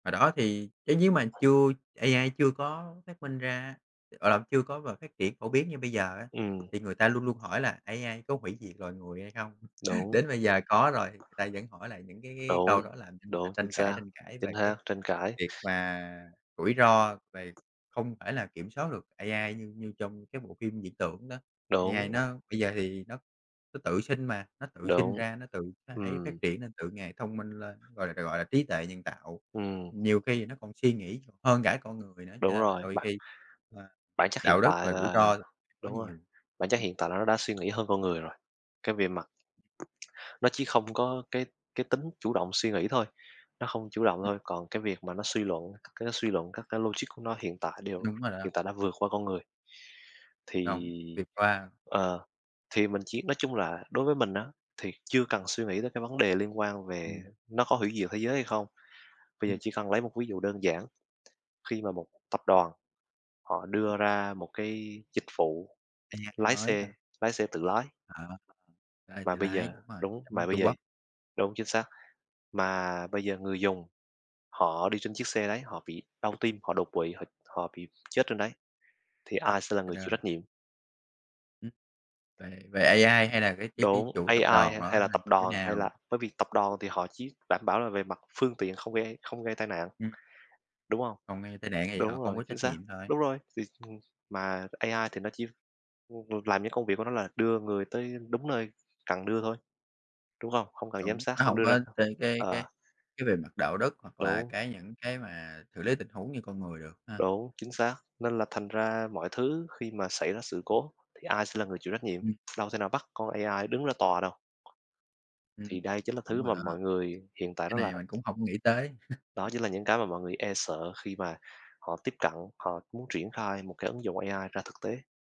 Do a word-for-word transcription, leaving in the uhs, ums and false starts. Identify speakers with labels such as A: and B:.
A: Hồi đó thì chứ nhếu mà chưa AI chưa có phát minh ra, à, chưa có và phát triển phổ biến như bây giờ á,
B: Ừm.
A: thì người ta luôn luôn hỏi là AI có hủy diệt loài người hay không?
B: Đúng.
A: Đến bây giờ có rồi, ta vẫn hỏi lại những cái cái
B: Đúng,
A: câu đó làm cho người ta
B: đúng, chính
A: tranh cãi
B: xác,
A: tranh cãi
B: chính
A: về cái
B: xác, tranh cãi.
A: việc mà rủi ro, về không phải là kiểm soát được AI như như trong cái bộ phim viễn tưởng đó, AI
B: Đúng.
A: nó bây giờ thì nó nó tự sinh mà, nó tự sinh
B: Đúng.
A: ra, nó tự nó ấy
B: Ừm.
A: phát triển nên, tự ngày thông minh lên, gọi là gọi là trí tuệ nhân tạo.
B: Ừm.
A: Nhiều khi nó còn suy nghĩ còn hơn cả con người nữa, cho
B: Đúng
A: nên là
B: rồi,
A: đôi
B: bặt
A: khi và
B: Bản chất hiện
A: đạo đức
B: tại
A: và rủi
B: là
A: ro có
B: đúng rồi,
A: nhiều.
B: bản chất hiện tại là nó đã suy nghĩ hơn con người rồi, cái về mặt nó chỉ không có cái cái tính chủ động suy nghĩ thôi, nó không chủ động
A: [unintelligible]
B: thôi, còn cái việc mà nó suy luận, cái nó suy luận các cái logic của nó hiện tại đều
A: Đúng rồi đó.
B: hiện tại đã vượt qua con người. Thì
A: Đúng, việc qua.
B: ờ, thì mình chỉ nói chung là đối với mình á, thì chưa cần suy nghĩ tới cái vấn đề liên quan về
A: Ừm.
B: nó có hủy diệt thế giới hay không. Bây giờ
A: Ừm.
B: chỉ cần lấy một ví dụ đơn giản khi mà một tập đoàn họ đưa ra một cái dịch vụ
A: AI
B: lái
A: mới
B: xe,
A: hả?
B: lái xe tự lái
A: Ờ, đây
B: mà
A: tự
B: bây
A: lái,
B: giờ
A: đúng rồi,
B: đúng,
A: giống
B: mà
A: như
B: bây
A: Trung
B: giờ
A: Quốc.
B: đúng, chính xác, mà bây giờ người dùng họ đi trên chiếc xe đấy, họ bị đau tim, họ đột quỵ, họ họ bị chết trên đấy, thì
A: À,
B: ai sẽ là
A: à,
B: người chịu
A: rồi.
B: trách nhiệm?
A: Ừm. Về về AI hay là cái cái cái
B: Đúng,
A: chủ
B: AI
A: tập đoàn
B: hay
A: đó
B: hay
A: hay
B: là
A: là
B: tập
A: như thế
B: đoàn hay
A: nào?
B: là bởi vì tập đoàn thì họ chỉ đảm bảo là về mặt phương tiện không gây không gây tai nạn,
A: Ừm.
B: đúng hông?
A: Còn gây tai nạn thì họ
B: Đúng
A: không
B: rồi,
A: có
B: chính
A: trách
B: xác,
A: nhiệm thôi.
B: đúng rồi, thì, ừm, mà AI thì nó chỉ, ừm, vượt làm những công việc của nó là đưa người tới đúng nơi cần đưa thôi, đúng hông? Không cần giám
A: Đúng,
B: sát,
A: nó
B: không
A: hổng
B: đưa ra
A: có chơi cái
B: ờ.
A: cái cái về mặt đạo đức hoặc là
B: Đúng.
A: cái những cái mà xử lý tình huống như con người được ha.
B: Đúng, chính xác, nên là thành ra mọi thứ khi mà xảy ra sự cố, thì ai sẽ là người chịu trách nhiệm?
A: Ừm.
B: Đâu thể nào bắt con AI đứng ra tòa đâu. Thì
A: Ừm,
B: đây chính là
A: đúng
B: thứ
A: rồi
B: mà
A: đó ha.
B: mọi người hiện tại
A: Cái
B: đó là
A: này mình cũng hổng nghĩ tới.
B: Đó chính là những cái mà mọi người e sợ khi mà họ tiếp cận, họ muốn triển khai một cái ứng dụng AI ra thực tế.